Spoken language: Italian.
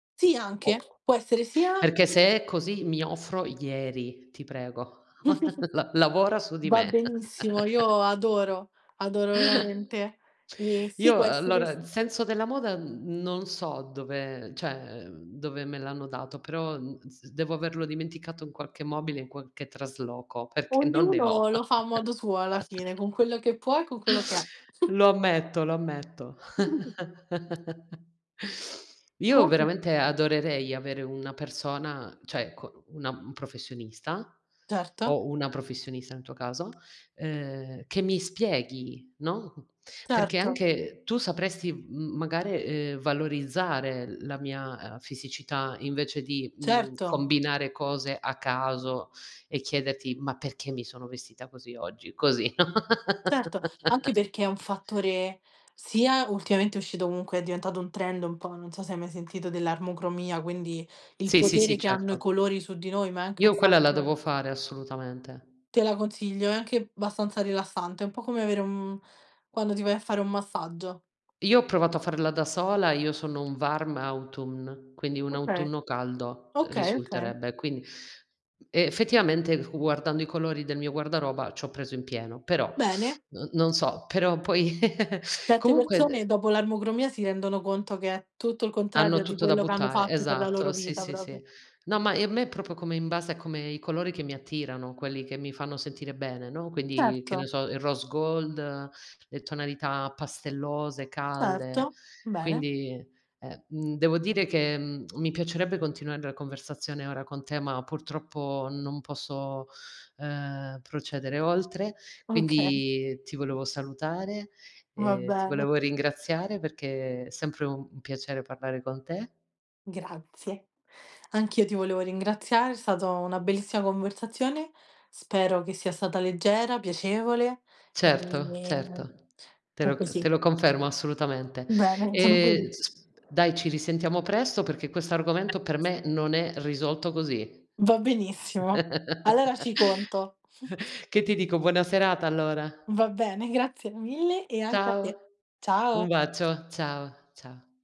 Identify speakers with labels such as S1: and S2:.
S1: Sì, anche.
S2: O
S1: Può essere sia
S2: Perché se è così, mi offro ieri, ti prego la lavora su di
S1: Va
S2: me.
S1: benissimo, io adoro, adoro veramente. Ehm, sì
S2: Io,
S1: può essere s
S2: allora senso della moda, mhmm, non so dove cioè dove me l'hanno dato, però, mhmm, s devo averlo dimenticato in qualche mobile in qualche trasloco perché non ne
S1: Ognuno
S2: ho.
S1: lo fa a modo suo alla fine, con quello che può e con quello che ha.
S2: Lo ammetto, lo ammetto. Io,
S1: Co g
S2: veramente, adorerei avere una persona, cioè co una un professionista
S1: Certo.
S2: o una professionista, in tuo caso, uhm, che mi spieghi, no, perché
S1: Certo.
S2: anche tu sapresti m magari, ehm, valorizzare la mia, uhm, fisicità, invece di, mhmm,
S1: Certo.
S2: combinare cose a caso e chiederti: "Ma perché mi sono vestita così oggi?" Così.
S1: Certo, anche perché è un fattore sia ultimamente è uscito, comunque, è diventato un trend un po' non so se hai mai sentito dell'armocromia, quindi il
S2: Sì, sì, sì,
S1: potere che hanno i
S2: certo.
S1: colori su di noi, ma è anche un
S2: Io quella la
S1: fatto
S2: devo fare, assolutamente.
S1: Te la consiglio, è anche abbastanza rilassante, un po' come avere uhm, quando ti vai a fare un massaggio.
S2: Io ho provato a farla da sola. Io sono un warm autumn, quindi un
S1: Okay.
S2: autunno caldo
S1: Okay, okay.
S2: risulterebbe. Quindi, effettivamente, fu guardando i colori del mio guardaroba, ci ho preso in pieno, però
S1: Bene.
S2: n non so però poi
S1: Certe
S2: comunque,
S1: persone
S2: de
S1: dopo l'armocromia, si rendono conto, che è tutto il
S2: Hanno
S1: contrario di
S2: tutto da
S1: quello che hanno
S2: buttare.
S1: fatto per la loro
S2: Esatto. Sì,
S1: vita,
S2: sì, sì.
S1: proprio.
S2: No, ma ehm, me proprio come in base a come i colori che mi attirano, quelli che mi fanno sentire bene, no, quindi, che ne
S1: Certo.
S2: so, il rose gold, le tonalità pastellose, calde.
S1: Certo. Bene.
S2: Quindi e mhmm, devo dire che, mhmm, mi piacerebbe continuare la conversazione ora con te, ma purtroppo, non posso, uhm, procedere oltre.
S1: Okay.
S2: Quindi ti volevo salutare,
S1: Va
S2: ehm, ti
S1: bene.
S2: volevo ringraziare, perché sempre u un piacere parlare con te.
S1: Grazie. Anch'io ti volevo ringraziare. È stato una bellissima conversazione. Spero che sia stata leggera, piacevole e
S2: Certo,
S1: mi
S2: certo. Te
S1: qu
S2: lo
S1: que
S2: c te
S1: sì
S2: lo confermo, assolutamente.
S1: Bene, sono
S2: Ehm,
S1: felice.
S2: s dai ci risentiamo presto, perché questo argomento, per me non è risolto così.
S1: Va benissimo. Allora ci conto.
S2: Che ti dico? Buona serata allora.
S1: Va bene, grazie mille e anche a
S2: Ciao.
S1: te.
S2: Un
S1: Ciao.
S2: bacio. Ciao, ciao.